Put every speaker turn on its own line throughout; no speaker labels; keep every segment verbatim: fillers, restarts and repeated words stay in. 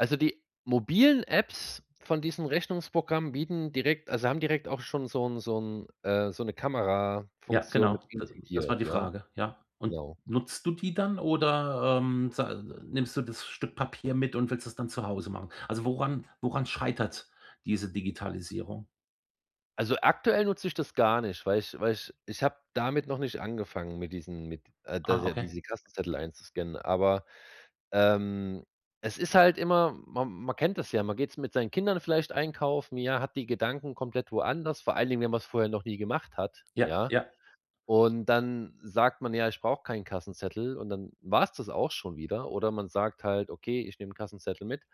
Also, die mobilen Apps von diesen Rechnungsprogrammen bieten direkt also haben direkt auch schon so 'n so 'n äh, so 'ne
Ja,
Kamerafunktion
genau.
mit
D das war
intigiert,
die
ja?
Frage, ja. Und
Genau.
nutzt du die dann oder, ähm, sa nimmst du das Stück Papier mit und willst es dann zu Hause machen? Also woran woran schreitert diese Digitalisierung?
Also, aktuell nutze ich das gar nicht, weil ich weil ich ich habe damit noch nicht angefangen, mit diesen mit, äh, das
Ah,
ja
okay.
diese Kassenzettel einzuscannen, aber, ähm, es ist halt immer, ma man kennt das ja, man geht's mit seinen Kindern vielleicht einkaufen, ja, hat die Gedanken komplett woanders, vor allen Dingen, wenn man's vorher noch nie gemacht hat,
Ja,
ja,
ja.
und dann sagt man ja: „Ich brauche keinen Kassenzettel“ und dann war's das auch schon wieder oder man sagt halt: „Okay, ich nehme 'n Kassenzettel mit."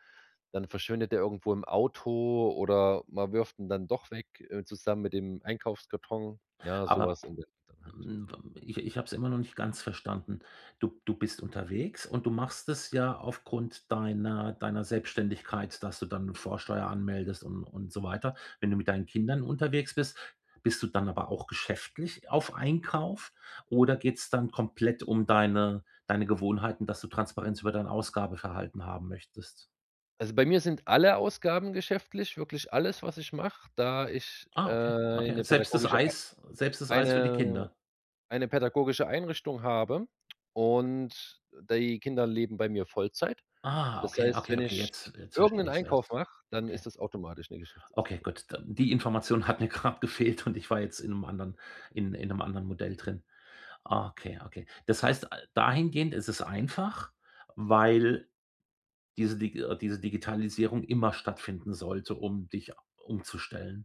Dann verschwindet der irgendwo im Auto oder man wirft ihn dann doch weg, äh, zusammen mit dem Einkaufskarton, ja, so
Aber
was in der Richtung halt.
m w ich ich hab's immer noch nicht ganz verstanden. Du du bist unterwegs und du machst es ja aufgrund deiner deiner Selbstständigkeit, dass du dann Vorsteuer anmeldest un und so weiter. Wenn du mit deinen Kindern unterwegs bist, bist du dann aber auch geschäftlich auf Einkauf oder geht's dann komplett um deine deine Gewohnheiten, dass du Transparenz über dein Ausgabeverhalten haben möchtest?
Also, bei mir sind alle Ausgaben geschäftlich, wirklich alles, was ich mache, da ich äh,
Ah, okay, okay,
eine
selbst das
pädagogische
Eis selbst das
Ei
Eis für die
eine
Kinder?
eine pädagogische Einrichtung habe und die Kinder leben bei mir Vollzeit.
Ah,
Das
okay,
heißt,
okay,
wenn
okay,
ich
jetzt jetzt
irgend
versteh
'n
ich es
Einkauf
erst.
mache, dann ist
Okay.
das automatisch 'ne
Okay,
Geschäftsausgabe.
gut. D Die Information hat mir grad gefehlt und ich war jetzt in 'nem anderen in in 'nem anderen Modell drin. Ah, okay, okay. Das heißt, äh, dahingehend ist es einfach, weil diese Dig diese Digitalisierung immer stattfinden sollte, um dich a umzustellen.